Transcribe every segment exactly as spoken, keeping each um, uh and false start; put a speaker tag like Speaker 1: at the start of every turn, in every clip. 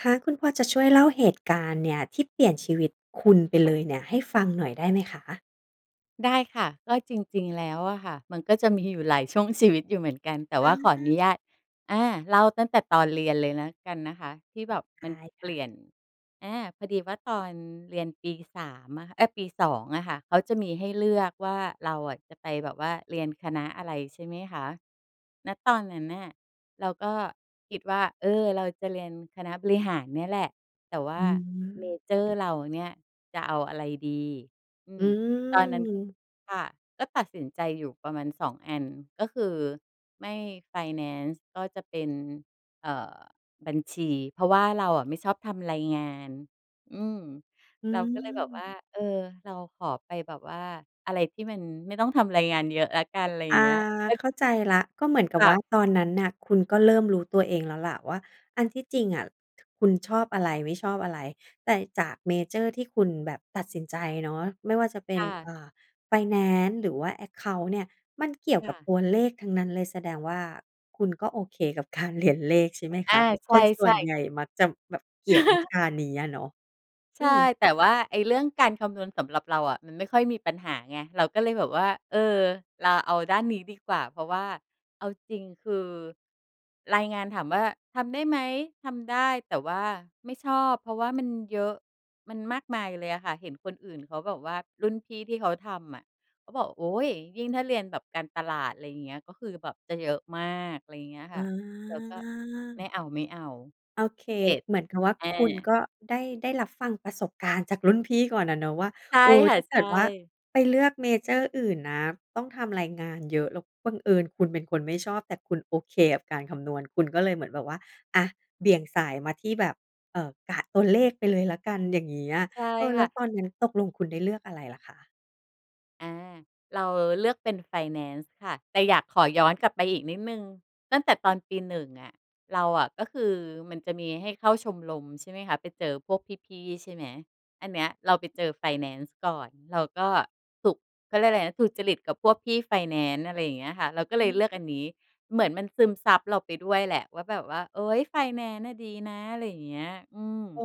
Speaker 1: คะ คุณพอจะช่วยเล่าเหตุการณ์เนี่ย ที่เปลี่ยนชีวิตคุณไปเลยเนี่ย ให้ฟังหน่อยได้ไหมคะ?
Speaker 2: ได้ค่ะ ก็จริง ๆ แล้วอะค่ะ มันก็จะมีอยู่หลายช่วงชีวิตอยู่เหมือนกัน แต่ว
Speaker 1: อ
Speaker 2: ่าขออน
Speaker 1: า
Speaker 2: ุญาต อา เล่าตั้งแต่ตอนเรียนเลยแล้วกันนะคะ ที่
Speaker 1: อื
Speaker 2: แบ
Speaker 1: ม
Speaker 2: บ
Speaker 1: ได
Speaker 2: มัน
Speaker 1: ้
Speaker 2: เ
Speaker 1: ค
Speaker 2: ป
Speaker 1: ่
Speaker 2: ล
Speaker 1: ะ
Speaker 2: ี่ยน อา พอดีว่าตอนเรียนปี สาม อะค่ะ เอ๊ย ปี สอง อะค่ะ เขาจะมีให้เลือกว่า เราอะจะไปแบบว่าเรียนคณะอะไร? ใช่ไหมคะ ณ ตอนนั้นน่ะ เราก็คิดว่า เออ เราจะเรียนคณะบริหารเนี่ยแหละ แต่ว
Speaker 1: อ
Speaker 2: ่า
Speaker 1: ื
Speaker 2: เม
Speaker 1: ม
Speaker 2: เจอร์เราเนี่ย จะเอาอะไรดี? อื
Speaker 1: อื
Speaker 2: ม ตอนนั้น
Speaker 1: ม
Speaker 2: ค่ะ ก็ตัดสินใจอยู่ประมาณ สอง อัน ก็คือไม่ไฟแนนซ์ ก็จะเป็น เอ่อ บัญชี เพราะว่าเราอะไม่ชอบทำรายงาน อืม
Speaker 1: อื
Speaker 2: เราก็เลยแบบว
Speaker 1: ม
Speaker 2: ่า เออ เราขอไปแบบว่า อะไรที่มันไม่ต้องทำรายงานเยอะแล้วกัน ไรอย
Speaker 1: อ
Speaker 2: ่
Speaker 1: า
Speaker 2: างเงี้ย ก็
Speaker 1: เข้าใจแล้ว ก็เหมือนกั
Speaker 2: ค
Speaker 1: บ
Speaker 2: ่
Speaker 1: ว
Speaker 2: ะ
Speaker 1: ่าตอนนั้นน่ะ คุณก็เริ่มรู้ตัวเองแล้วแหละว่า อันที่จริงอะ คุณชอบอะไร? ไม่ชอบอะไร? แต่จากเมเจอร์ที่คุณแบบตัดสินใจเนาะ ไม่ว่าจะเป็
Speaker 2: ค
Speaker 1: น
Speaker 2: ่ะ
Speaker 1: อ่า ไฟแนนซ์หรือว่า แอ็กเคานต์ เนี่ย มันเกี่ยว
Speaker 2: ค
Speaker 1: ก
Speaker 2: ่
Speaker 1: ับ
Speaker 2: ะ
Speaker 1: ตัวเลขทั้งนั้นเลย แสดงว่าคุณก็ โอเคกับ การเรียน เลขใช่ไหม
Speaker 2: อ
Speaker 1: ค
Speaker 2: า
Speaker 1: ะ? เพราะ
Speaker 2: ใ
Speaker 1: คนส่
Speaker 2: ช
Speaker 1: ว
Speaker 2: ่
Speaker 1: น
Speaker 2: ๆ
Speaker 1: ใหญ่มักจะแบบเกลียดวิชานี้อะเนาะ
Speaker 2: ใ
Speaker 1: อ
Speaker 2: ช
Speaker 1: ื
Speaker 2: ่
Speaker 1: อ
Speaker 2: แต่ว่าไอ้เรื่องการคำนวณสำหรับเราอะ มันไม่ค่อยมีปัญหาไง เราก็เลยแบบว่า เออ เราเอาด้านนี้ดีกว่า เพราะว่าเอาจริง คือ รายงานถามว่าทำได้ไหม? ทำได้ แต่ว่าไม่ชอบ เพราะว่ามันเยอะ มันมากมายเลยอะค่ะ เห็นคนอื่นเขาบอกว่า รุ่นพี่ที่เขาทำอะเขาบอก โอ๊ย ยิ่งถ้าเรียนแบบการตลาด อะไรอย่างเงี้ย ก็คือแบบจะเยอะมาก อะไรอย่างเงี้ย
Speaker 1: อ
Speaker 2: ค่ะ เราก็ "ไม
Speaker 1: า
Speaker 2: ่เอา
Speaker 1: โ
Speaker 2: ๆ"
Speaker 1: อเค
Speaker 2: เสร็จ
Speaker 1: เหมือนกับว่า
Speaker 2: อ
Speaker 1: คุณ
Speaker 2: า
Speaker 1: ก็ ได้ ได้รับฟังประสบการณ์จากรุ่นพี่ก่อนอะเนาะว่า
Speaker 2: ใช่
Speaker 1: เออ
Speaker 2: ค่
Speaker 1: ถ
Speaker 2: ะ
Speaker 1: ้า
Speaker 2: ใ
Speaker 1: เก
Speaker 2: ช
Speaker 1: ิดว่า
Speaker 2: ่
Speaker 1: ไปเลือกเมเจอร์อื่นนะ ต้องทำรายงานเยอะ แล้วบังเอิญคุณเป็นคนไม่ชอบ แต่คุณโอเคกับการคำนวณ คุณก็เลยเหมือนแบบว่า อะ เบี่ยงสายมาที่แบบ เอ่อ กับตัวเลขไปเลยแล้วกัน อย่างเงี้ย
Speaker 2: ใช่
Speaker 1: เออ แ
Speaker 2: ค
Speaker 1: ล้
Speaker 2: ่
Speaker 1: ว
Speaker 2: ะ
Speaker 1: ตอนนั้นตกลงคุณได้เลือกอะไรเหรอคะ?
Speaker 2: อา เราเลือกเป็นไฟแนนซ์ค่ะ แต่อยากขอย้อนกลับไปอีกนิดหนึ่ง ตั้งแต่ตอนปี หนึ่ง อะ เราอะ ก็คือมันจะมีให้เข้าชมรม ใช่ไหมคะ ไปเจอพวกพี่ ๆ ใช่ไหม อันเนี้ยเราไปเจอไฟแนนซ์ก่อน เราก็ถูก เขาเรียกอะไรนะ ถูกจริตกับพวกพี่ไฟแนนซ์ อะไรอย่างเงี้ยค่ะ เราก็เ
Speaker 1: อื
Speaker 2: ลยเลือกอันน
Speaker 1: ม
Speaker 2: ี้ เหมือนมันซึมซับเราไปด้วยแหละว่า แบบว่า เฮ่ย ไฟแนนซ์น่ะดีนะ อะไรอย่างเงี้ย อืม
Speaker 1: อ๋อ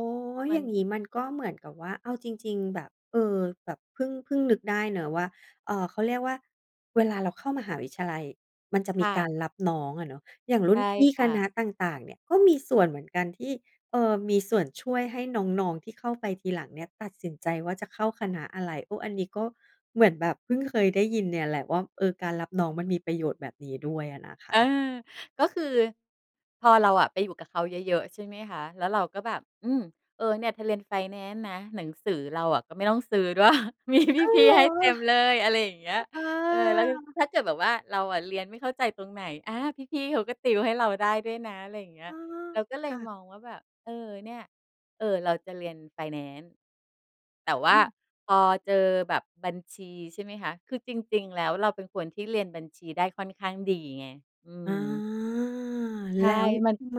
Speaker 2: ม
Speaker 1: อ
Speaker 2: ั
Speaker 1: ย่
Speaker 2: น
Speaker 1: างงี้มัน ก็เหมือนกับว่าเอาจริง ๆ แบบ เออ แบบเพิ่ง เพิ่งนึกได้เนาะว่า เอ่อ เขาเรียกว่า เวลาเราเข้ามหาวิทยาลัยมันจะ
Speaker 2: ค
Speaker 1: มี
Speaker 2: ่
Speaker 1: กา
Speaker 2: ะ
Speaker 1: รรับน้องอะเนาะ อย่างร
Speaker 2: ใ
Speaker 1: ุ
Speaker 2: ช
Speaker 1: ่น
Speaker 2: ่
Speaker 1: พี่
Speaker 2: ค
Speaker 1: ค
Speaker 2: ่
Speaker 1: ณ
Speaker 2: ะ
Speaker 1: ะต่าง ๆ เนี่ย ก็มีส่วนเหมือนกันที่ เอ่อ มีส่วนช่วยให้น้อง ๆ ที่เข้าไปทีหลังเนี่ย ตัดสินใจว่าจะเข้าคณะอะไร? โอ้ อันนี้ก็เหมือนแบบเพิ่งเคยได้ยินเนี่ยแหละว่า เออ การรับน้องมันมีประโยชน์แบบนี้ด้วยอะนะค
Speaker 2: เออ
Speaker 1: ะ
Speaker 2: ก็คือ พอเราอะไปอยู่กับเขาเยอะ ๆ ใช่ไหมคะ แล้วเราก็แบบ อืม เออ เนี่ยเธอเรียนไฟแนนซ์นะ หนังสือเราอะก็ไม่ต้องซื้อ ด้วย มี
Speaker 1: อ้าว
Speaker 2: พี่
Speaker 1: เหร
Speaker 2: ๆ
Speaker 1: อ?
Speaker 2: ให้เต็มเลย อะไรอย่างเงี้ย
Speaker 1: อ อ้
Speaker 2: เออ แล้ว ย
Speaker 1: อ
Speaker 2: ถ้าเกิดแบบว่า เราอะเรียนไม่เข้าใจตรงไหน? อา พี่ ๆ เขาก็ติวให้เราได้ด้วยนะ อะไรอย่างเงี้
Speaker 1: อ
Speaker 2: ย
Speaker 1: ๋อ
Speaker 2: เราก็เล
Speaker 1: ค่
Speaker 2: ย
Speaker 1: ะ
Speaker 2: มองว่าแบบ เออ เนี่ย เออ เราจะเรียนไฟแนนซ์ แต่ว
Speaker 1: อ
Speaker 2: ่
Speaker 1: ื
Speaker 2: า
Speaker 1: ม
Speaker 2: พอเจอแบบบัญชี ใช่ไหมคะ คือจริง ๆ แล้วเราเป็นคนที่เรียนบัญชีได้ค่อนข้างดีไง อื
Speaker 1: อา
Speaker 2: ม ใช
Speaker 1: แล
Speaker 2: ่
Speaker 1: ้ว
Speaker 2: มัน
Speaker 1: ทำไม?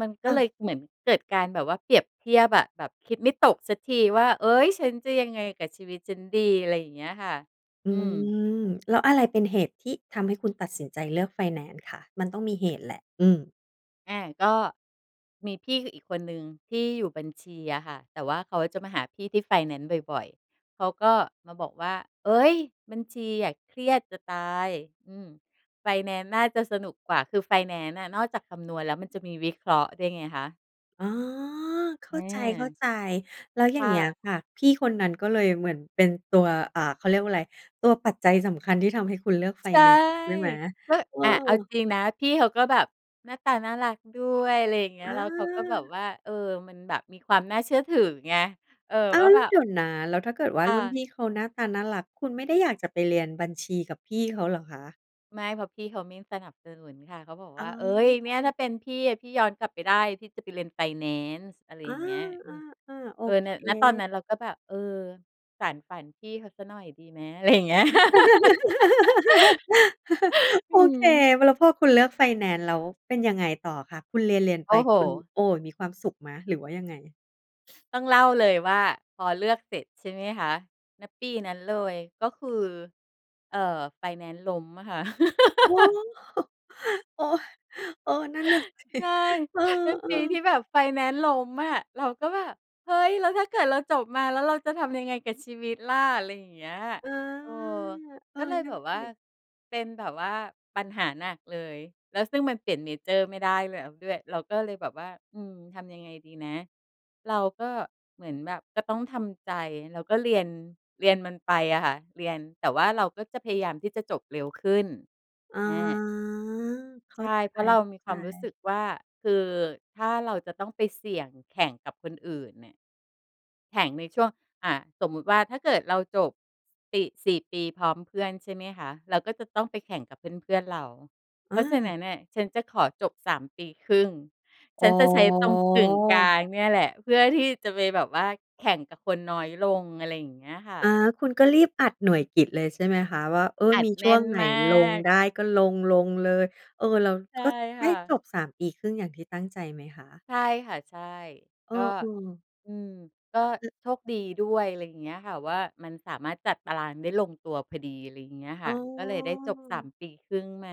Speaker 2: มันก
Speaker 1: อ
Speaker 2: ็เล
Speaker 1: า
Speaker 2: ยเหมือนเกิดการแบบว่าเปรียบเทียบอะ แบบคิดไม่ตกสักทีว่า เฮ่ย ฉันจะยังไงกับชีวิตฉันดี? อะไรอย่างเงี้ยค่ะ
Speaker 1: อื
Speaker 2: อืม
Speaker 1: ม แล้วอะไรเป็นเหตุที่ทำให้คุณตัดสินใจเลือกไฟแนนซ์คะ? มันต้องมี เหตุแหละ อืม
Speaker 2: อ่า ก็มีพี่ คืออีกคนหนึ่งที่อยู่บัญชีอะค่ะ แต่ว่าเขาจะมาหาพี่ที่ไฟแนนซ์บ่อย ๆ เขาก็มาบอกว่า เฮ้ย! บัญชีอะเครียดจะตาย อืม ไฟแนนซ์น่าจะสนุกกว่า คือไฟแนนซ์น่ะนอกจากคำนวณแล้ว มันจะมีวิเคราะห์ด้วยไงคะ
Speaker 1: อ๋อ เข้าใ
Speaker 2: เออ
Speaker 1: จ ๆ แล้วอย่
Speaker 2: ค
Speaker 1: าง
Speaker 2: ่
Speaker 1: เงี้ย
Speaker 2: ะ
Speaker 1: ค่ะ พี่คนนั้นก็เลยเหมือนเป็นตัว อ่า เขาเรียกว่าไร ตัวปัจจัยสำคัญที่ทำให้คุณเลือกไฟ
Speaker 2: ใช่
Speaker 1: แนนซ์ด้วยไหม?
Speaker 2: แล้ว
Speaker 1: เอ
Speaker 2: อะเอา
Speaker 1: อ
Speaker 2: จริงนะ พี่เขาก็แบบหน้าตาน่ารักด้วย ไรอย่างเงี้ย
Speaker 1: อ
Speaker 2: แล้วเขาก็แบบ
Speaker 1: า
Speaker 2: ว่า เอ่อ มันแบบมีความน่าเชื่อถือไง เออ
Speaker 1: อ้า
Speaker 2: ว่า
Speaker 1: ว!
Speaker 2: แบ
Speaker 1: เ
Speaker 2: บ
Speaker 1: ดี๋ยวนะ แล้วถ้าเกิดว่า
Speaker 2: ค
Speaker 1: ร
Speaker 2: ่
Speaker 1: ุ่นพ
Speaker 2: ะ
Speaker 1: ี่เขาหน้าตาน่ารัก คุณไม่ได้อยากจะไปเรียนบัญชีกับพี่เขาเหรอคะ?
Speaker 2: ไม่ เพราะพี่เขาไม่สนับสนุนค่ะ เขาบอก
Speaker 1: อ
Speaker 2: ว
Speaker 1: ๋
Speaker 2: ่า เอ๊ย
Speaker 1: อ
Speaker 2: เนี่ยถ้าเป็นพี่อะ พี่ย้อนกลับไปได้ พี่จะไปเรียนไฟแนนซ์ อะไร
Speaker 1: อ
Speaker 2: อ
Speaker 1: า
Speaker 2: ย่างเงี้ย อืม
Speaker 1: ๆ ๆ โอ
Speaker 2: เออ
Speaker 1: เค
Speaker 2: ณ ณ ตอนนั้นเราก็แบบ เออ สานฝันพี่เขาเสียหน่อยดีไหม? ไร อย่างเงี้ย อ
Speaker 1: โ
Speaker 2: ื
Speaker 1: อเค
Speaker 2: ม
Speaker 1: แล้วพอคุณเลือกไฟแนนซ์แล้ว เป็นยังไงต่อคะ? คุณเรียน ๆ
Speaker 2: โ
Speaker 1: ไ
Speaker 2: อ
Speaker 1: ป
Speaker 2: ้โฮ!
Speaker 1: คุณ โอ้ มีความสุขไหมหรือว่า ยังไง?
Speaker 2: ต้องเล่าเลยว่าพอเลือกเสร็จใช่ไหมคะ ณ ปีนั้นเลย ก็คือ เอ่อ ไฟแนนซ์ล้มอะค่ะ
Speaker 1: โอ้โฮ! โอ้ย! เออ นั่นน่ะ สิ
Speaker 2: ใช่
Speaker 1: เออ
Speaker 2: เป็นปีที
Speaker 1: ๆ
Speaker 2: ่แบบไฟแนนซ์ล้มอะ เราก็แบบ "เฮ้ย! แล้วถ้าเกิดเราจบมา แล้วเราจะทำยังไงกับชีวิตล่ะ" ไรอย่างเงี้ย
Speaker 1: เออ
Speaker 2: เออ
Speaker 1: เออ
Speaker 2: ก็เลย
Speaker 1: นั่
Speaker 2: แบ
Speaker 1: น
Speaker 2: บว
Speaker 1: ส
Speaker 2: ่า
Speaker 1: ิ
Speaker 2: เป็นแบบว่าปัญหาหนักเลย แล้ว ซึ่งมันเปลี่ยนเมเจอร์ไม่ได้แล้วด้วย เราก็เลยแบบว่า "อืม ทำยังไงดีนะ" เราก็เหมือนแบบก็ต้องทำใจ แล้วก็เรียน เรียนมันไปอะค่ะ เรียน แต่ว่าเราก็จะพยายามที่จะจบเร็วขึ้น
Speaker 1: อ๋อ
Speaker 2: อา
Speaker 1: เข
Speaker 2: ใ
Speaker 1: ้
Speaker 2: ช
Speaker 1: า
Speaker 2: ่
Speaker 1: ใ
Speaker 2: เพราะเรามีค
Speaker 1: จ
Speaker 2: วามรู้ส
Speaker 1: ๆ
Speaker 2: ึกว่า คือถ้าเราจะต้องไปเสี่ยงแข่งกับคนอื่นเนี่ย แข่งในช่วง อะ สมมติว่าถ้าเกิดเราจบ ติ สี่ ปีพร้อมเพื่อนใช่ไหมคะ เราก็จะต้องไปแข่งกับเพื่อน ๆ เรา เพ
Speaker 1: อ
Speaker 2: ราะฉะน
Speaker 1: า
Speaker 2: ั้นน่ะฉันจะขอจบ สาม ปีครึ่ง
Speaker 1: อ
Speaker 2: ฉ
Speaker 1: ๋
Speaker 2: ันจะใช้ตรงกึ่งกล
Speaker 1: อ
Speaker 2: างเนี่ยแหละ เพื่อที่จะไปแบบว่าแข่งกับคนน้อยลง อะไรอย่างเงี้ยค่
Speaker 1: อ
Speaker 2: ะ
Speaker 1: า คุณก็รีบอัดหน่วยกิตเลยใช่ไหมคะ ว่า เออ
Speaker 2: อั
Speaker 1: ม
Speaker 2: ด
Speaker 1: ี
Speaker 2: แ
Speaker 1: ช
Speaker 2: น
Speaker 1: ่
Speaker 2: ่
Speaker 1: วง
Speaker 2: น
Speaker 1: ไหน
Speaker 2: มา
Speaker 1: ลง
Speaker 2: ก
Speaker 1: ได้ก็ลง ๆ เลย เออ เรา
Speaker 2: ใช่
Speaker 1: ก็ไ
Speaker 2: ค
Speaker 1: ด้
Speaker 2: ่
Speaker 1: จ
Speaker 2: ะ
Speaker 1: บ สาม ปีครึ่งอย่างที่ตั้งใจไหมคะ?
Speaker 2: ใช่ค่ะ ใช่
Speaker 1: เอ
Speaker 2: ก
Speaker 1: อ
Speaker 2: ็
Speaker 1: ๆ
Speaker 2: อืม ก็
Speaker 1: อือ
Speaker 2: โชคดีด้วย ไรเงี้ยค่ะว่า มันสามารถจัดตารางได้ลงตัวพอดี อะไรเงี้ยค
Speaker 1: อ๋
Speaker 2: ่
Speaker 1: อ
Speaker 2: ะ ก็เลยได้จบ สาม ปีครึ่งมา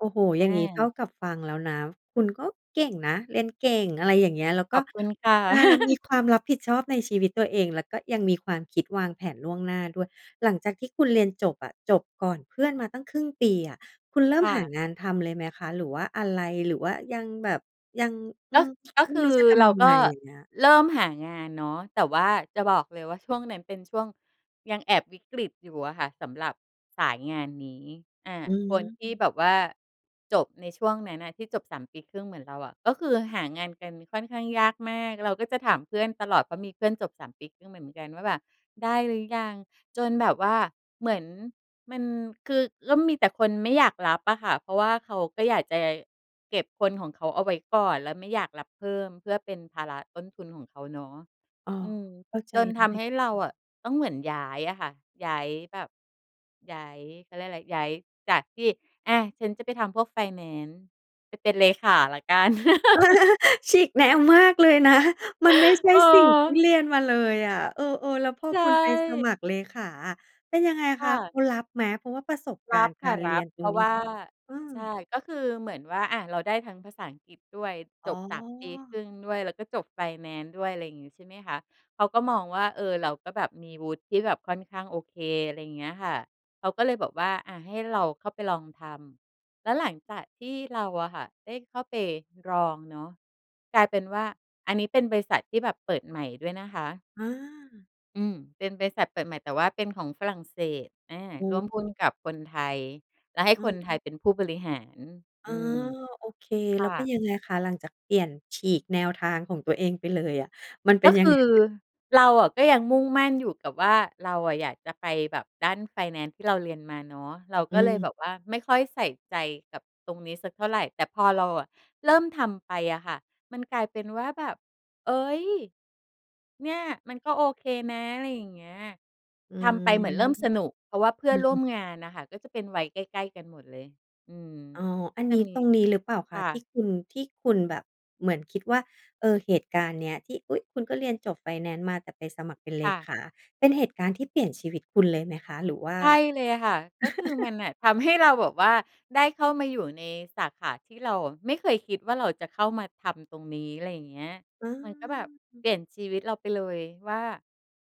Speaker 1: โอ้โฮ!
Speaker 2: อ
Speaker 1: อย
Speaker 2: า
Speaker 1: ่างงี้เท่ากับฟังแล้วนะ คุณก็เก่งนะ เรียนเก่ง อะไรอย่างเงี้ย แล้วก
Speaker 2: ข
Speaker 1: ็
Speaker 2: อบคุณค่ะ
Speaker 1: อา มีความรับผิดชอบในชีวิตตัวเอง แล้วก็ยังมีความคิดวางแผนล่วงหน้าด้วย หลังจากที่คุณเรียนจบอะ จบก่อนเพื่อนมาตั้งครึ่งปีอะ คุณเริ่
Speaker 2: ค
Speaker 1: ม
Speaker 2: ่
Speaker 1: หา
Speaker 2: ะ
Speaker 1: งานทำเลยไหมคะ? หรือว่าอะไร? หรือว่ายังแบบ ยัง อื
Speaker 2: ก็
Speaker 1: ม
Speaker 2: ก็
Speaker 1: ไม
Speaker 2: ค
Speaker 1: ่
Speaker 2: ื
Speaker 1: รู้
Speaker 2: อ
Speaker 1: จะท
Speaker 2: เร
Speaker 1: ำ
Speaker 2: า
Speaker 1: ยัง
Speaker 2: ก
Speaker 1: ไ
Speaker 2: ็
Speaker 1: ง อย่างเงี้ย?
Speaker 2: เริ่มหางานเนาะ แต่ว่าจะบอกเลยว่า ช่วงนั้นเป็นช่วงยังแอบวิกฤตอยู่อะค่ะ สำหรับสายงานนี้ อ่า
Speaker 1: อื
Speaker 2: คนที่
Speaker 1: ม
Speaker 2: แบบว่าจบในช่วงนั้นน่ะ ที่จบ สาม ปีครึ่งเหมือนเราอะ ก็คือหางานกันค่อนข้างยากมาก เราก็จะถามเพื่อนตลอด เพราะมีเพื่อนจบ สาม ปีครึ่งมาเหมือนกันว่าแบบ "ได้หรือยัง" จนแบบว่าเหมือนมัน คือ แล้วมีแต่คนไม่อยากรับอะค่ะ เพราะว่าเขาก็อยากจะเก็บคนของเขาเอาไว้ก่อน แล้วไม่อยากรับเพิ่มเพื่อเป็นภาระต้นทุนของเขาเนาะ
Speaker 1: อ๋อ
Speaker 2: อืม
Speaker 1: เข้าใจ
Speaker 2: จน
Speaker 1: ได
Speaker 2: ท
Speaker 1: ้
Speaker 2: ำให้เรา
Speaker 1: อืม
Speaker 2: อะต้องเหมือนย้ายอะค่ะ ย้ายแบบ ย้าย เขาเรียกว่าไร ย้ายจากที่ อะ ฉันจะไปทำพวกไฟแนนซ์ ไปเป็นเลขาแล้วกัน
Speaker 1: ฉีกแนวมากเลยนะ มันไม่ใช่
Speaker 2: เ
Speaker 1: สิ่งที่
Speaker 2: ออ
Speaker 1: เรียนมาเลยอะ เออ ๆ แล้วพอ
Speaker 2: ใช
Speaker 1: คุณไปส
Speaker 2: ่
Speaker 1: มัครเลขาอะ เป็นยังไง
Speaker 2: ค
Speaker 1: ค
Speaker 2: ่
Speaker 1: ะเข
Speaker 2: ะ
Speaker 1: ารับไหม? เพราะว่าประสบก
Speaker 2: ร
Speaker 1: า
Speaker 2: ั
Speaker 1: รณ
Speaker 2: บ
Speaker 1: ์ก
Speaker 2: ค่
Speaker 1: า
Speaker 2: ะ
Speaker 1: ร
Speaker 2: ร
Speaker 1: เรี
Speaker 2: ั
Speaker 1: ย
Speaker 2: บ
Speaker 1: นต
Speaker 2: เ
Speaker 1: ร
Speaker 2: พร
Speaker 1: ง
Speaker 2: าะ
Speaker 1: นี
Speaker 2: ว
Speaker 1: ้
Speaker 2: ่า
Speaker 1: เอ
Speaker 2: ใช
Speaker 1: อ
Speaker 2: ่ ก็คือเหมือนว่า อะ เราได้ทั้งภาษาอังกฤษด้วย
Speaker 1: อ๋
Speaker 2: จ
Speaker 1: อ
Speaker 2: บ สาม ปีครึ่งด้วย แล้วก็จบไฟแนนซ์ด้วย ไรงี้ใช่ไหมคะ เขาก็มองว่า เออ เราก็แบบมีวุฒิที่แบบค่อนข้างโอเค ไรเงี้ยค่ะ เขาก็เลยบอกว่า อะ ให้เราเข้าไปลองทำ แล้วหลังจากที่เราอะค่ะได้เข้าไปลองเนาะ กลายเป็นว่า อันนี้เป็นบริษัทที่แบบเปิดใหม่ด้วยนะคะ
Speaker 1: อา
Speaker 2: อืม เป็นบริษัทเปิดใหม่ แต่ว่าเป็น ของฝรั่งเศส อา
Speaker 1: อ
Speaker 2: ร่ว
Speaker 1: ือ
Speaker 2: มหุ้นกับคนไทย แล้วให้
Speaker 1: อื
Speaker 2: ค
Speaker 1: ม
Speaker 2: นไทย เป็นผู้บริหาร อ
Speaker 1: อ๋
Speaker 2: อื
Speaker 1: อ
Speaker 2: ม
Speaker 1: โอเค
Speaker 2: ค
Speaker 1: แล
Speaker 2: ่
Speaker 1: ้วก็
Speaker 2: ะ
Speaker 1: ยังไงคะ หลังจากเปลี่ยน ฉีกแนวทางของตัวเองไปเลยอะ มันเป
Speaker 2: ก
Speaker 1: ็
Speaker 2: ็
Speaker 1: นย
Speaker 2: ค
Speaker 1: ังไ
Speaker 2: ื
Speaker 1: ง
Speaker 2: อ
Speaker 1: อะ?
Speaker 2: เราอะก็ยังมุ่งมั่นอยู่กับว่า เราอะอยากจะไปแบบด้านไฟแนนซ์ที่เราเรียนมาเนาะ เรา
Speaker 1: อ
Speaker 2: ก
Speaker 1: ื
Speaker 2: ็เลย
Speaker 1: ม
Speaker 2: แบบว่า ไม่ค่อยใส่ใจกับตรงนี้สักเท่าไร แต่พอเราอะเริ่มทำไปอะค่ะ มัน กลายเป็นว่าแบบ เฮ้ย เนี่ย มันก็โอเคนะ อะไรอย่างเงี้ย
Speaker 1: อื
Speaker 2: ทำ
Speaker 1: ม
Speaker 2: ไปเหมือนเริ่มสนุก เพราะว่าเพื่
Speaker 1: อ
Speaker 2: อ
Speaker 1: ื
Speaker 2: นร่ว
Speaker 1: ม ๆ
Speaker 2: มงานน่ะค่ะก็จะเป็นวัยใกล้ ๆ กันหมดเลย อืม
Speaker 1: อ๋อ
Speaker 2: ก
Speaker 1: อ
Speaker 2: ็
Speaker 1: ัน
Speaker 2: จะ
Speaker 1: นี้
Speaker 2: มี
Speaker 1: ตรงนี้ หรือเปล่าค
Speaker 2: ค
Speaker 1: ะ?
Speaker 2: ่
Speaker 1: ที
Speaker 2: ะ
Speaker 1: ่คุณ ที่คุณแบบเหมือนคิดว่า เอ่อ เหตุการณ์เนี้ยที่ อุ๊ย! คุณก็เรียนจบไฟแนนซ์มา แต่ไปสมัครเป็นเล
Speaker 2: ค่ะ
Speaker 1: ขา เป็นเหตุการณ์ที่ เปลี่ยนชีวิตคุณเลยไหมคะ หรือว่า?
Speaker 2: ใช่เลยค่ะ ก็คือมันน่ะทำให้เราแบบว่า ได้เข้ามาอยู่ในสาขาที่เราอะไม่เคยคิดว่า เราจะเข้ามาทำตรงนี้ อะไรอย่างเงี้ย
Speaker 1: อ
Speaker 2: มันก็แบบเ
Speaker 1: า
Speaker 2: ปลี่ยนชีวิตเราไปเลยว่า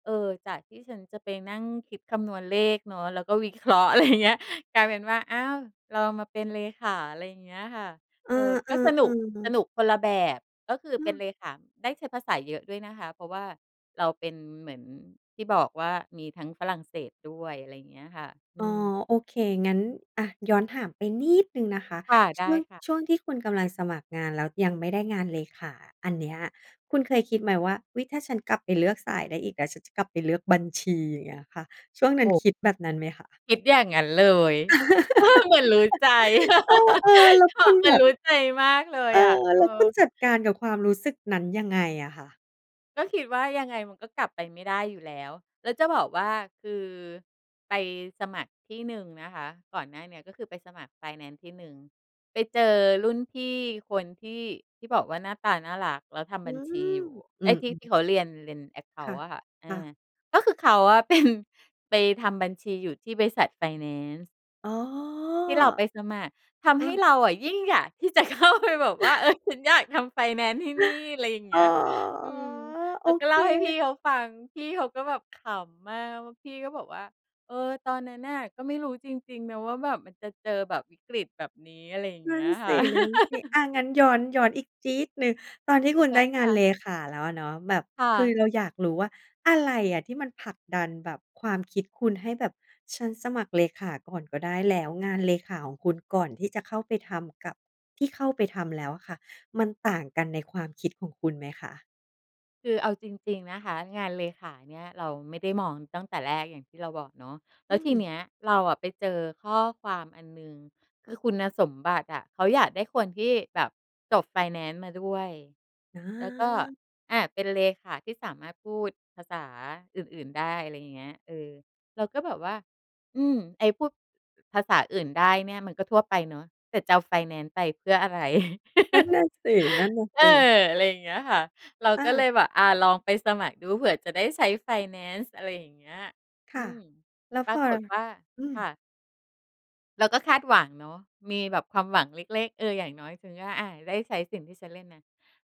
Speaker 2: เอ่อ จากที่ฉันจะไปนั่งคิดคำนวณเลขเนาะ แล้วก็วิ เคราะห์ อะไรอย่างเงี้ย กลายเป็นว่า อ้าว เรามาเป็นเลขา อะไรเงี้ยค่ะ
Speaker 1: เออ
Speaker 2: เออ ก็ส
Speaker 1: ๆ
Speaker 2: น
Speaker 1: ๆ อื
Speaker 2: ุก
Speaker 1: อฮึ
Speaker 2: สนุกคนละแบบ ก็คือเป็น
Speaker 1: เออ
Speaker 2: เลขาได้ใช้ภาษาเยอะด้วยนะคะ เพราะว่าเราเป็นเหมือน ที่บอกว่า มีทั้งฝรั่งเศสด้วย อะไรอย่างเงี้ยค่ะ อ
Speaker 1: อ
Speaker 2: ื
Speaker 1: ๋อ
Speaker 2: ม
Speaker 1: โอเค งั้น อะ ย้อนถามไปนิดหนึ่งนะคะ
Speaker 2: ค่ะ
Speaker 1: ช
Speaker 2: ได
Speaker 1: ่
Speaker 2: ้
Speaker 1: วง
Speaker 2: ค่ะ
Speaker 1: ช่วงที่คุณกำลังสมัครงาน แล้วยังไม่ได้งานเลยขาอันเนี้ย คุณเคยคิดไหมว่า อุ๊ย! ถ้าฉันกลับไปเลือกสายได้อีก แล้วฉันจะกลับไปเลือกบัญชี อย่างเงี้ยค่ะ ช่วงนั
Speaker 2: โ
Speaker 1: ้น
Speaker 2: อ้
Speaker 1: คิดแบบนั้นไหมคะ?
Speaker 2: คิดอย่างงั้นเลย เหมือนรู้ใจ
Speaker 1: เออ ๆ แล้ว
Speaker 2: ค
Speaker 1: ค
Speaker 2: ่ะ
Speaker 1: ุณ
Speaker 2: เหม
Speaker 1: แ
Speaker 2: ื
Speaker 1: บ
Speaker 2: อนร
Speaker 1: บ
Speaker 2: ู้ใจมากเล
Speaker 1: เ
Speaker 2: ย
Speaker 1: ออ
Speaker 2: อะ เอ
Speaker 1: แล
Speaker 2: อ
Speaker 1: ้วคุณจัดการกับความรู้สึกนั้นยังไงอะคะ?
Speaker 2: ก็คิดว่า ยังไงมันก็กลับไปไม่ได้อยู่แล้ว แล้วจะบอกว่า คือไปสมัครที่หนึ่งนะคะ ก่อนหน้าเนี้ย ก็คือไปสมัครไฟแนนซ์ที่หนึ่งไปเจอรุ่นพี่คนที่ ที่บอกว่าหน้าตาน่ารัก แล้วท
Speaker 1: อ
Speaker 2: ำ
Speaker 1: ื้
Speaker 2: บั
Speaker 1: อ
Speaker 2: ญช
Speaker 1: ฮื
Speaker 2: ี
Speaker 1: อ
Speaker 2: อยู่
Speaker 1: อื
Speaker 2: ไอ้ที่ ท
Speaker 1: ม
Speaker 2: ี่
Speaker 1: ๆ
Speaker 2: เขาเรียน เรียน แอ็กเค
Speaker 1: ค
Speaker 2: า
Speaker 1: ่
Speaker 2: น
Speaker 1: ะ
Speaker 2: ต์ อะค่ะ อ
Speaker 1: ค่ะ
Speaker 2: า ก็คือเขาอะ เป็น ไปทำบัญชีอยู่ที่บริษัทไฟแนนซ์
Speaker 1: อ๋อ
Speaker 2: ที่เราไปสมัครท
Speaker 1: เอ
Speaker 2: ำให้
Speaker 1: อ
Speaker 2: เราอะ ยิ่งอยากที่จะ เข้าไปแบบว่า เอ๊ย ฉันอยากทำ ไฟแนนซ์ที่นี่ อะไรอย่างเ
Speaker 1: อ
Speaker 2: ง
Speaker 1: ๋อ
Speaker 2: ี้ย อืม
Speaker 1: โ
Speaker 2: แ
Speaker 1: อ
Speaker 2: ล้วก็
Speaker 1: เค
Speaker 2: เล่าให้พี่เขาฟัง พี่เขาก็แบบขำมากว่า พี่ก็บอกว่า เออ ตอนนั้นน่ะก็ไม่รู้จริง ๆ นะว่า แบบมันจะเจอแบบวิกฤตแบบนี้ อะไรอย่าง
Speaker 1: น
Speaker 2: เง
Speaker 1: ั
Speaker 2: ี
Speaker 1: ่
Speaker 2: ้
Speaker 1: น
Speaker 2: ย
Speaker 1: ส
Speaker 2: ค่ะ
Speaker 1: ิ ๆ อะ งั้นย้อน ย้อนอีกจี๊ดหนึ่ง ตอนที่คุณ
Speaker 2: ได
Speaker 1: ไ
Speaker 2: ้
Speaker 1: ด้ง
Speaker 2: ค
Speaker 1: าน
Speaker 2: ่
Speaker 1: เ
Speaker 2: ะ
Speaker 1: ลขาแล้วอะเนาะ แบบ
Speaker 2: ค่
Speaker 1: คือเ
Speaker 2: ะ
Speaker 1: ราอยากรู้ว่า อะไรอะที่มันผลักดันแบบความคิดคุณให้แบบ ฉันสมัครเลขาก่อนก็ได้ แล้วงานเลขาของคุณก่อนที่จะเข้าไปทำ กับที่เข้าไปทำแล้วอะค่ะ มันต่างกันในความคิดของคุณไหมคะ?
Speaker 2: คือเอาจริง ๆ นะคะ งานเลขาเนี่ยเราไม่ได้มองตั้งแต่แรก อย่างที่เราบอกเนาะ แ
Speaker 1: อ
Speaker 2: ล
Speaker 1: ื
Speaker 2: ้วที
Speaker 1: ม
Speaker 2: เนี้ยเราอะไปเจอข้อความอันหนึ่ง คือคุณสมบัติอะ เขาอยากได้คนที่แบบจบไฟแนนซ์มาด้วย แล้วก็
Speaker 1: อา
Speaker 2: อะ เป็นเลขาที่สามารถพูดภาษาอื่น ๆ ได้ อะไรอย่างเงี้ย เออ เราก็แบบว่า อืม ไอ้พูดภาษาอื่นได้เนี่ย มันก็ทั่วไปเนาะ แต่จะเอาไฟแนนซ์ไปเพื่ออะไร
Speaker 1: นั่นน่ะสิ นั่นนะ
Speaker 2: เอ
Speaker 1: ส
Speaker 2: อ
Speaker 1: ิ
Speaker 2: อะไรอย่างเงี้ยค่ะ เรา
Speaker 1: อ
Speaker 2: ก็เล
Speaker 1: า
Speaker 2: ยแบบ อา ลองไปสมัครดู เผื่อจะได้ใช้ไฟแนนซ์ อะไรอย่างเงี้ย
Speaker 1: ค
Speaker 2: อ
Speaker 1: ่
Speaker 2: ื
Speaker 1: ะ
Speaker 2: อ
Speaker 1: แล้ว
Speaker 2: ป
Speaker 1: พ
Speaker 2: รา
Speaker 1: อ
Speaker 2: กฏว่า
Speaker 1: อือ
Speaker 2: ค่ะ เราก็คาดหวังเนาะ มีแบบความหวังเล็ก ๆ เออ อย่างน้อยคือว่า อา ได้ใช้สิ่งที่ฉันเรียนมา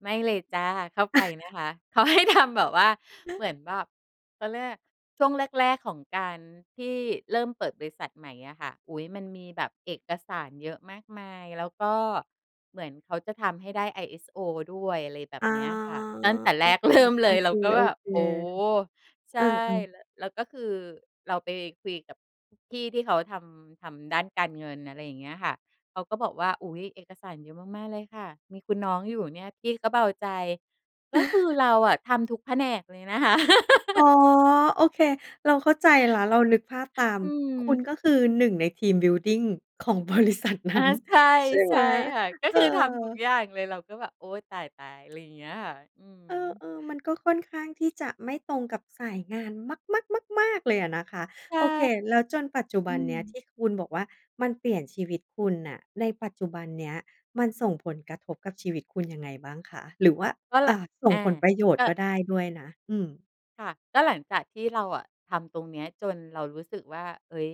Speaker 2: ไม่เลยจ้ะ เข้าไปนะคะ เขา ให้ทำ แบบว่า เหมือนแบบ เขาเรียก ช่วงแรก ๆ ของการที่เริ่มเปิดบริษัทใหม่อะค่ะ อุ๊ย มันมีแบบเอกสารเยอะมากมาย แล้วก็เหมือนเขาจะทำให้ได้ ไอเอสโอ ด้วย อะไรแบ
Speaker 1: อ
Speaker 2: บ
Speaker 1: ๋อ
Speaker 2: เนี้ยค่ะ ตั้งแต่
Speaker 1: โอ
Speaker 2: แรก เริ่ม เลย
Speaker 1: เ
Speaker 2: เ
Speaker 1: ค
Speaker 2: ราก็แบบ โอ้!
Speaker 1: ๆ
Speaker 2: ใ
Speaker 1: ๆ เ
Speaker 2: ช
Speaker 1: อ
Speaker 2: ่
Speaker 1: อ ๆ
Speaker 2: แล้ว แล้วก็คือเราไปคุยกับพี่ที่เขาทำ ทำด้านการเงิน อะไรอย่างเงี้ยค่ะ เขาก็บอกว่า "อุ๊ย! เอกสารเยอะมาก ๆ เลยค่ะ มีคุณน้องอยู่เนี่ย พี่ก็เบาใจ" ก็คือเราอะทำทุกแผนกเลยนะคะ
Speaker 1: อ๋อ โอเค เราเข้าใจแล้ว เรานึกภาพตาม
Speaker 2: อื
Speaker 1: คุณ
Speaker 2: ม
Speaker 1: ก็คือ หนึ่ง ใน ทีมบิลดิง ของ บริษัทนั
Speaker 2: อ
Speaker 1: ้
Speaker 2: า
Speaker 1: น
Speaker 2: ใช่
Speaker 1: ใช่ไ
Speaker 2: ใช
Speaker 1: หม
Speaker 2: ่ค่ะ ก็
Speaker 1: เออ?
Speaker 2: คือทำทุกอย่างเลย เราก็แบบ "โอ๊ย! ตาย ๆ" อะไรอย่างเงี้ยค่ะ อื
Speaker 1: เอ
Speaker 2: ม
Speaker 1: อ ๆ มันก็ค่อนข้างที่จะไม่ตรงกับสายงานมัก ๆ มาก ๆ เลยอะนะคะ
Speaker 2: ใช
Speaker 1: โ
Speaker 2: ่
Speaker 1: อเค แล้วจนปัจจุบ
Speaker 2: อื
Speaker 1: ันเนี้ยท
Speaker 2: ม
Speaker 1: ี่คุณบอกว่า มันเปลี่ยนชีวิตคุณน่ะ ในปัจจุบันเนี้ยมันส่งผลกระทบกับชีวิตคุณ ยังไงบ้างคะ? หรือว่า
Speaker 2: ก็
Speaker 1: อ
Speaker 2: ล่
Speaker 1: ่
Speaker 2: ะ
Speaker 1: า ส่
Speaker 2: อ
Speaker 1: ง
Speaker 2: า
Speaker 1: ผลประโยชน
Speaker 2: ก
Speaker 1: ์
Speaker 2: ็
Speaker 1: ก็ได้ด้วยนะ อืม
Speaker 2: ค่ะ ก็หลังจากที่เราอะทำตรงเนี้ยจนเรารู้สึกว่า เฮ่ย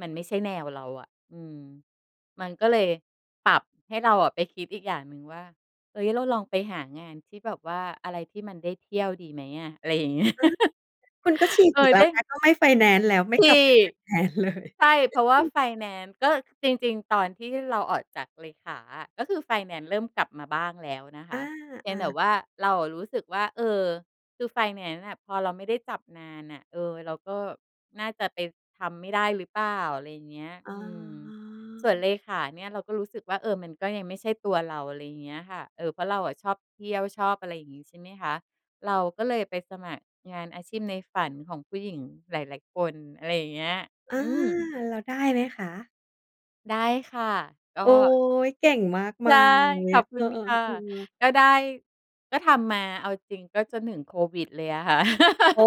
Speaker 2: มันไม่ใช่แนวเราอะ อืม มันก็เลยปรับให้เราอะ ไปคิดอีกอย่างหนึ่งว่า เฮ่ย เราลองไปหางานที่แบบว่า อะไรที่มันได้เที่ยวดีไหมอะ? อะไรอย่าง เงี้ย
Speaker 1: อา คุณก็ฉีก
Speaker 2: เอ
Speaker 1: อี
Speaker 2: อ
Speaker 1: กแล
Speaker 2: ไ
Speaker 1: ้
Speaker 2: ด
Speaker 1: ว
Speaker 2: ้
Speaker 1: นะ ก็ไม่ไฟแนนซ์แล้ว ไม่
Speaker 2: ท
Speaker 1: กล
Speaker 2: ี
Speaker 1: ับ
Speaker 2: ่
Speaker 1: ไปไฟแนนซ์ เลย
Speaker 2: ใช่เพราะว่าไฟแนนซ์ ก็จริง ๆ ตอนที่เราออกจากเลขาอะ ก็คือไฟแนนซ์เริ่มกลับมาบ้างแล้วนะค
Speaker 1: อ
Speaker 2: ะ เพี
Speaker 1: า
Speaker 2: ยงแต่
Speaker 1: ๆ
Speaker 2: ว่าเราอะรู้สึกว่า เอ่อ คือไฟแนนซ์น่ะ พอเราไม่ได้จับนานน่ะ เอ่อ เราก็น่าจะไปทำไม่ได้หรือเปล่า? อะไรเงี้ย
Speaker 1: อ๋
Speaker 2: อืม ส่วนเ
Speaker 1: อ
Speaker 2: ลขาเนี่ยเราก็รู้สึกว่า เออ มันก็ยังไม่ใช่ตัวเรา อะไรเงี้ยค่ะ เออ เพราะเราอะชอบเที่ยว ชอบอะไรอย่างงี้ ใช่ไหมคะ เราก็เลยไปสมัครงานอาชีพในฝันของผู้หญิงหลาย ๆ คน อะไรอย่างเงี้ย
Speaker 1: อา
Speaker 2: อืม
Speaker 1: เราได้ไหมคะ?
Speaker 2: ได้ค่ะ ก็
Speaker 1: โอ๊ย เก่งมาก
Speaker 2: ใช
Speaker 1: มา
Speaker 2: ่
Speaker 1: ยเลย
Speaker 2: ข
Speaker 1: อ
Speaker 2: อ
Speaker 1: ะ
Speaker 2: บค
Speaker 1: เอ
Speaker 2: ุ
Speaker 1: อ
Speaker 2: ณ
Speaker 1: อะ
Speaker 2: ค่ะ
Speaker 1: ฮะ ๆ
Speaker 2: ก็ได้ ก็ทำมา เอาจริงก็จะ หนึ่ง โควิดเลยอะค่ะ
Speaker 1: อ๋อ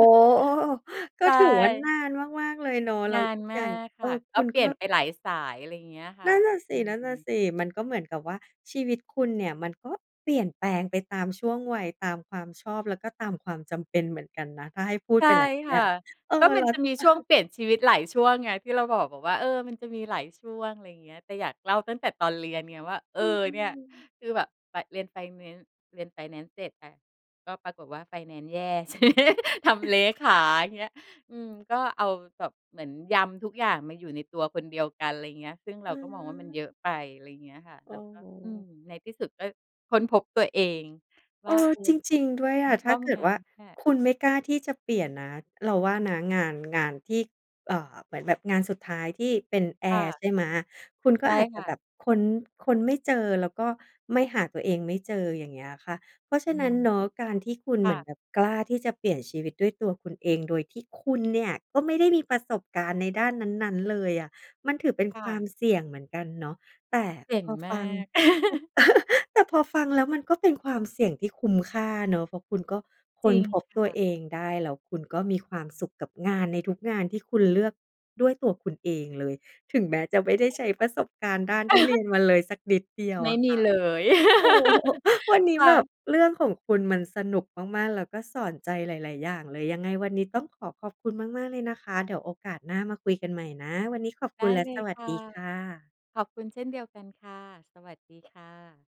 Speaker 1: เออ ก
Speaker 2: ใ
Speaker 1: ็
Speaker 2: ช
Speaker 1: ถือว่าน
Speaker 2: ่
Speaker 1: านมาก ๆ เลยเนาะ แล้
Speaker 2: น
Speaker 1: ว
Speaker 2: าน
Speaker 1: อีก
Speaker 2: ม
Speaker 1: อย
Speaker 2: า
Speaker 1: ่าง
Speaker 2: ก
Speaker 1: เ
Speaker 2: ค
Speaker 1: ออ
Speaker 2: ่ะ
Speaker 1: ค
Speaker 2: ก็
Speaker 1: ุณ
Speaker 2: เปล
Speaker 1: ก
Speaker 2: ี่
Speaker 1: ็
Speaker 2: ยนไปหลายสาย อะไรอย่างเงี้ยค่
Speaker 1: น
Speaker 2: ะ
Speaker 1: ั่นน่ะ
Speaker 2: อืม
Speaker 1: สิ ๆ มันก็เหมือนกับว่าชีวิตคุณเนี่ย มันก็เปลี่ยนแปลงไปตามช่วงวัย ตามความชอบ แล้วก็ตามความจำเป็นเหมือนกันนะ ถ้าให้พูด
Speaker 2: ใช
Speaker 1: ไ
Speaker 2: ่
Speaker 1: ปแล้วเ
Speaker 2: ค
Speaker 1: นี่
Speaker 2: ่ะ
Speaker 1: ย เอ
Speaker 2: ก็
Speaker 1: อ
Speaker 2: ม
Speaker 1: แ
Speaker 2: ั
Speaker 1: ล
Speaker 2: น
Speaker 1: ้ว
Speaker 2: จะมีช่วงเปลี่ยนชีวิตหลายช่วงไง ที่เราบอก บอกว่า เออ มันจะมีหลายช่วง อะไรเงี้ย แต่อยากเล่าตั้งแต่ตอนเรียนไงว่า เอ
Speaker 1: อ
Speaker 2: อ
Speaker 1: ื
Speaker 2: เนี่ย
Speaker 1: ม ๆ
Speaker 2: คือแบบ แบบเรียนไฟแนนซ์ เรียนไฟแนนซ์เสร็จอะ ก็ปรากฏว่าไฟแนนซ์แย่ ทีนี้ ทำเลขา อย่างเงี้ย อืม ก็เอาแบบเหมือนยำทุกอย่างมาอยู่ในตัวคนเดียวกัน อะไรเงี้ย ซึ่งเร
Speaker 1: อ
Speaker 2: าก็มองว่ามันเยอ
Speaker 1: า
Speaker 2: ะไป อะไรเงี้ยค่ะ
Speaker 1: เ
Speaker 2: เราก็ อืม
Speaker 1: ออ
Speaker 2: ในที่สุดก็ค้นพบตัวเองว
Speaker 1: เอ
Speaker 2: ่า
Speaker 1: อ
Speaker 2: เอ
Speaker 1: จ
Speaker 2: อ
Speaker 1: ริง ๆ ด้วย
Speaker 2: ฉั
Speaker 1: อ
Speaker 2: น
Speaker 1: ะ
Speaker 2: ช
Speaker 1: ถ้
Speaker 2: อ
Speaker 1: า
Speaker 2: บ
Speaker 1: เกิ
Speaker 2: ง
Speaker 1: ด
Speaker 2: าน
Speaker 1: ว่า
Speaker 2: นี้เเหละ
Speaker 1: คุณไม่กล้าที่จะเปลี่ยนนะ เราว่านะ งาน งานที่ เอ่อ เหมือนแบบงานสุดท้ายที่เป็นแอ
Speaker 2: ค่
Speaker 1: ร์
Speaker 2: ะ
Speaker 1: ใช่ไหม? คุณ ก
Speaker 2: ใช
Speaker 1: ็
Speaker 2: ่
Speaker 1: อาจจ
Speaker 2: ค
Speaker 1: ะ
Speaker 2: ่
Speaker 1: แบ
Speaker 2: ะ
Speaker 1: บค้น ค้น ไม่เจอ แล้วก็ไม่ หาตัวเองไม่เจอ อย่างเงี้ยค่ะ เพราะฉ
Speaker 2: อื
Speaker 1: ะนั
Speaker 2: ม
Speaker 1: ้นเนาะ การที่คุณ
Speaker 2: ค
Speaker 1: เห
Speaker 2: ่
Speaker 1: มือน
Speaker 2: ะ
Speaker 1: แบบกล้าที่จะเปลี่ยนชีวิตด้วยตัวคุณเอง โดยที่คุณ เนี่ยก็ไม่ได้มีประสบการณ์ในด้านนั้น ๆ เลยอะ มันถือเป็น
Speaker 2: ค่
Speaker 1: ควา
Speaker 2: ะ
Speaker 1: มเสี่ยงเหมือนกันเนาะ แต่
Speaker 2: เก่
Speaker 1: พ
Speaker 2: ง
Speaker 1: อ
Speaker 2: มา
Speaker 1: ฟัง
Speaker 2: ก
Speaker 1: แต่พอฟังแล้วมันก็เป็นความเสี่ยงที่คุ้มค่าเนาะ เพราะคุณก็ค
Speaker 2: จร
Speaker 1: ้
Speaker 2: ิ
Speaker 1: น
Speaker 2: ง
Speaker 1: พบ
Speaker 2: ค
Speaker 1: ตัว
Speaker 2: ่ะ
Speaker 1: เองได้ แล้วคุณก็มีความสุขกับงานในทุกงานที่คุณเลือกด้วยตัวคุณเองเลย ถึงแม้จะไม่ได้ใช้ประสบการณ์ด้าน
Speaker 2: ใช่ค่ะ
Speaker 1: ที่เรียนมาเลยสักนิดเดียว
Speaker 2: ไม
Speaker 1: อ
Speaker 2: ่
Speaker 1: ะ
Speaker 2: ม
Speaker 1: ค
Speaker 2: ี
Speaker 1: ่ะ
Speaker 2: เลย
Speaker 1: โอ้ วันนี้
Speaker 2: ค่
Speaker 1: แบบ
Speaker 2: ะ
Speaker 1: เรื่องของคุณมันสนุกมาก ๆ แล้วก็สอนใจหลาย ๆ อย่างเลย ยังไงวันนี้ต้องขอขอบคุณมาก ๆ เลยนะคะ เดี๋ยวโอกาสหน้ามาคุยกันใหม่นะ วันนี้ขอบ
Speaker 2: ไ
Speaker 1: ค
Speaker 2: ด
Speaker 1: ุณ
Speaker 2: ้
Speaker 1: และ
Speaker 2: เล
Speaker 1: ส
Speaker 2: ย
Speaker 1: วัส
Speaker 2: ค่
Speaker 1: ด
Speaker 2: ะ
Speaker 1: ีค่ะ
Speaker 2: ขอบคุณเช่นเดียวกันค่ะ สวัสดีค่ะ